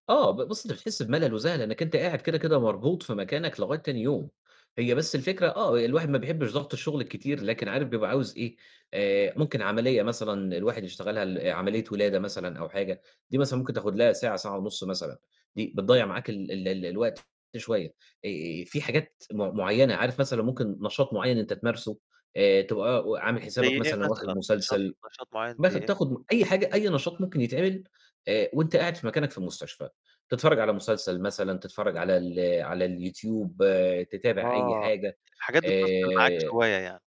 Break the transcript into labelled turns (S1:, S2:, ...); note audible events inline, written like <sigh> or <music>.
S1: آه، ب بُص، أنت بتحس بملل وزهق لإنّك أنت قاعد كده، كده مربوط في مكانك لغاية تاني يوم، هي بس الفكرة آه، الواحد ما بيحبّش ضَغْط الشغل الكتير لكن عارف بيبقى عاوز إيه، آآ ممكن عملية مثلًا الواحد يشتغلها ل عملية ولادة مثلًا أو حاجة، دي مثلًا ممكن تاخد لها ساعة، ساعة ونُص مثلًا، دي بتضيّع معاك ال ال ال الوقت شوية. آآ فيه حاجات م مُعيّنة، عارف مثلًا ممكن نشاط مُعيّن أنت تمارسه آآ تبقى عامل حسابك
S2: زَي إيه
S1: مثلًا واخد
S2: مثلًا، نشاط
S1: مسلسل،
S2: نشاط مُعيّن زَي
S1: مثلًا
S2: إيه؟
S1: تاخد أي حاجة، أي نشاط ممكن يتعمل آآ وأنت قاعد في مكانك في المستشفى، تتفرّج على مسلسل مثلًا، تتفرّج على ال على اليوتيوب، تتابع أي
S2: آه،
S1: حاجة،
S2: الحاجات دي <unintelligible> معاك
S1: آآ
S2: شوية يعني.